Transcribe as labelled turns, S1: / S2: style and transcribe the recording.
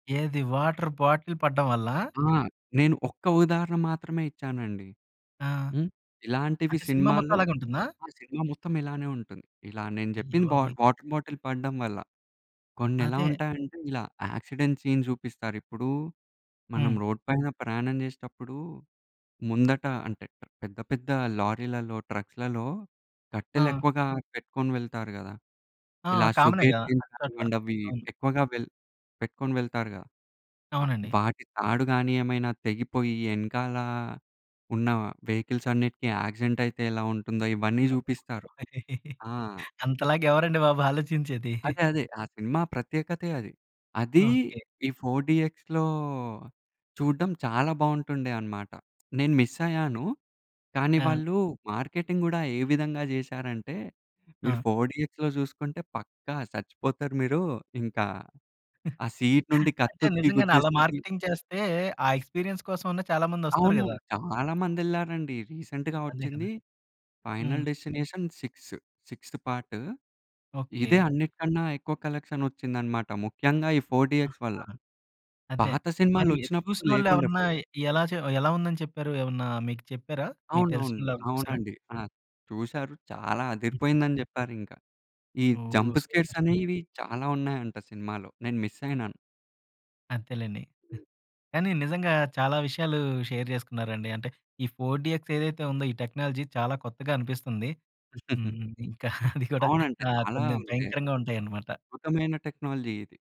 S1: ఏది water bottle పడడం వల్లా?
S2: ఆ! నేను ఒక్క ఉదాహరణ మాత్రమే ఇచ్చానండి.
S1: ఆ!
S2: హ్మ్. ఇలాంటివి
S1: అంటే, సినిమా మొత్తం
S2: సినిమాల్లో
S1: అలాగే ఉంటుందా?
S2: ఆ సినిమా మొత్తం ఇలానే ఉంటుంది. ఇలా నేను చెప్పింది బ
S1: అయ్యబాబోయ్!
S2: వాటర్ బాటిల్ పడడం వల్ల. కొన్ని ఎలా
S1: అదే.
S2: ఉంటాయంటే, ఇలా యాక్సిడెంట్ సీన్స్ చూపిస్తారు ఇప్పుడు మనం
S1: హ్మ్.
S2: రోడ్ పైన ప్రయాణం చేసేటప్పుడు, ముందట అంటే పెద్ద, పెద్ద లారీలలో, ట్రక్స్‌లలో
S1: ఆ!
S2: కట్టెలెక్కువగా పెట్టుకొని వెళ్తారు గదా,
S1: ఆ!
S2: ఇలా షుగర్
S1: కామనే‌గా
S2: కేన్
S1: అట్ల, అట్లా.
S2: కానివ్వండి, అవి
S1: అవును.
S2: ఎక్కువగా వెల్ పెట్టుకొని వెళ్తారుగా. ఆహ్,
S1: అవునండి.
S2: వాటి తాడు కాని ఏమైనా తెగిపోయి, ఎనకాల ఉన్న వెహికల్స్ అన్నిటికి యాక్సిడెంట్ అయితే ఎలా ఉంటుందో ఇవన్నీ చూపిస్తారు.
S1: వెనకాల.
S2: ఆ!
S1: అంతలాగా ఎవరండి బాబు ఆలోచించేది?
S2: అదే అదే. ఆ సినిమా ప్రత్యేకతే అది. అది
S1: ఓకె.
S2: ఈ 4 డీఎక్స్‌లో చూడడం చాలా బాగుంటుండే అనమాట. నేను మిస్ అయ్యాను. కానీ,
S1: ఆ!
S2: వాళ్ళు మార్కెటింగ్ కూడా ఏ విధంగా చేసారంటే, మీరు
S1: ఆ!
S2: 4 డీఎక్స్‌‌లో చూసుకుంటే పక్కా చచ్చిపోతారు మీరు. ఇంకా ఆ సీన్ నుండి
S1: అంటే
S2: కత్తొచ్చి
S1: నిజంగానే అలా
S2: గుద్దేస్తది.
S1: మార్కెటింగ్ చేస్తే, ఆ ఎక్స్‌పీరియన్స్ కోసమైనా చాలా మంది ఒస్తురు గదా!
S2: అవునవును. చాలా మందెళ్లారండి. రీసెంట్‌గా
S1: అదే కదా!
S2: వచ్చింది
S1: హ్మ్.
S2: Final destination six sixth part. ఇదే
S1: ఓకె.
S2: అన్నిటికన్నా ఎక్కువ కలెక్షన్ వచ్చిందనమాట. ముఖ్యంగా ఈ 4 డీఎక్స్ వల్ల.
S1: ఆహా! అదే.
S2: పాత
S1: మరి
S2: సినిమాలొచ్చినప్పుడు
S1: చూసినోళ్ళు
S2: లేకుండే
S1: ఎవరన్నా
S2: 4 డీ
S1: ఎలా చే ఎలా ఉందని చెప్పారు? ఏమన్నా మీకు చెప్పారా? మీకు
S2: అవునవును.
S1: తెలిసినోళ్ళు ఎవరైనా చూసారా?
S2: అవునండి. ఆ! చూసారు చాలా
S1: హుహు.
S2: అదిరిపోయిందని చెప్పారు ఇంకా. ఈ
S1: ఓహ్!
S2: Jump
S1: super.
S2: స్కేర్స్
S1: హుహు.
S2: అనేవి చాలా ఉన్నాయంట సినిమాలో. నేను మిస్ అయినాను.
S1: అంతేలెండి.
S2: హ్మ్.
S1: కానీ, నిజంగా చాలా విషయాలు షేర్ చేసుకున్నారండి. అంటే, ఈ 4 డీఎక్స్ ఏదైతే ఉందో, ఈ టెక్నాలజీ చాలా కొత్తగా అనిపిస్తుంది. హ్మ్. ఇంకా అది గుడా
S2: అవునండి.
S1: ఆహ్,
S2: చాలా
S1: కొన్ని
S2: అంటే,
S1: భయంకరంగా ఉంటాయనమాట.
S2: అద్భుతమైన టెక్నాలజీ ఇది.